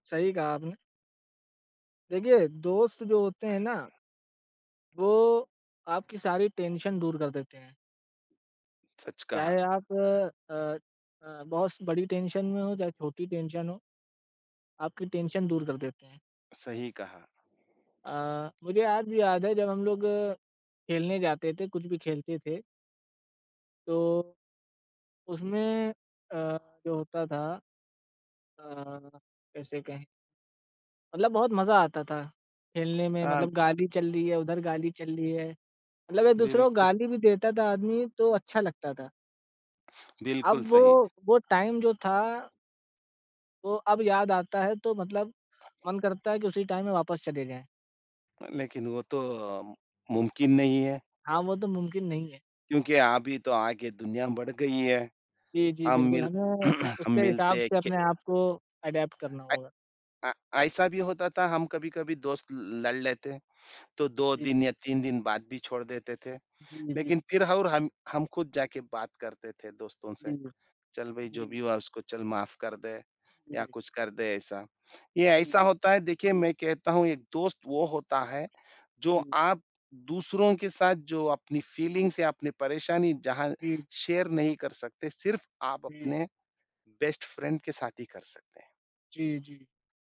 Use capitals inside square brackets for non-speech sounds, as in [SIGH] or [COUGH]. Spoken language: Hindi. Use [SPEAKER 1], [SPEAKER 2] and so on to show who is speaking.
[SPEAKER 1] सही कहा आपने। देखिए, दोस्त जो होते हैं ना वो, आपकी सारी टेंशन दूर कर देते हैं।
[SPEAKER 2] सच कहा।
[SPEAKER 1] चाहे आप अ अ, बहुत बड़ी टेंशन में हो, चाहे छोटी टेंशन हो, आपकी टेंशन दूर कर देते हैं।
[SPEAKER 2] सही कहा।
[SPEAKER 1] अ, मुझे आज भी याद है, जब हम लोग खेलने जाते थे, कुछ भी खेलते थे तो, उसमें अ, जो होता था अ, कैसे कहें? मतलब बहुत मजा आता था, खेलने में
[SPEAKER 2] अ
[SPEAKER 1] मतलब गाली चल रही है, उधर गाली चल रही है। मतलब एक-दूसरों को
[SPEAKER 2] बिल्कुल।
[SPEAKER 1] गाली भी देता था आदमी तो अच्छा लगता था।
[SPEAKER 2] बिल्कुल
[SPEAKER 1] अब वो
[SPEAKER 2] सही।
[SPEAKER 1] वो टाइम जो था वो अब याद आता है तो मतलब मन करता है, कि उसी टाइम में वापस चले जाएँ।
[SPEAKER 2] अ, लेकिन वो तो अ, मुमकिन नहीं है।
[SPEAKER 1] हाँ, वो तो मुमकिन नहीं है।
[SPEAKER 2] क्योंकि अभी तो आगे दुनिया बढ़ गई है,
[SPEAKER 1] जी, जी,
[SPEAKER 2] हम
[SPEAKER 1] बिल्कुल
[SPEAKER 2] मिल
[SPEAKER 1] हमें
[SPEAKER 2] [CLEARS THROAT] हम
[SPEAKER 1] उसके हिसाब
[SPEAKER 2] मिलते हैं
[SPEAKER 1] से
[SPEAKER 2] के
[SPEAKER 1] अपने आप को अडैप्ट करना होगा।
[SPEAKER 2] अये अ, ऐसा भी होता था, हम कभी-कभी दोस्त ल लड़ लेते हैं, तो 2
[SPEAKER 1] जी।
[SPEAKER 2] दिन या 3 दिन बात भी छोड़ देते थे।
[SPEAKER 1] जी,
[SPEAKER 2] लेकिन
[SPEAKER 1] जी।
[SPEAKER 2] फिर ह और हम हम खुद जाके बात करते थे दोस्तों से,
[SPEAKER 1] जी।
[SPEAKER 2] चल भई जो भी
[SPEAKER 1] जी।
[SPEAKER 2] हुआ उसको चल माफ कर दे या
[SPEAKER 1] जी।
[SPEAKER 2] कुछ कर दे ऐसा। ये ऐसा
[SPEAKER 1] जी।
[SPEAKER 2] होता है, देखिए मैं कहता हूँ एक दोस्त वो होता है, जो
[SPEAKER 1] जी।
[SPEAKER 2] आप दूसरों के साथ जो अपनी फ़ीलिंग्स या अपनी परेशानी जहाँ
[SPEAKER 1] जी।
[SPEAKER 2] शेयर नहीं कर सकते, सिर्फ़ आप
[SPEAKER 1] हुँ।
[SPEAKER 2] अपने बेस्ट फ्रेंड के साथ ही कर सकते हैं।
[SPEAKER 1] जी, जी।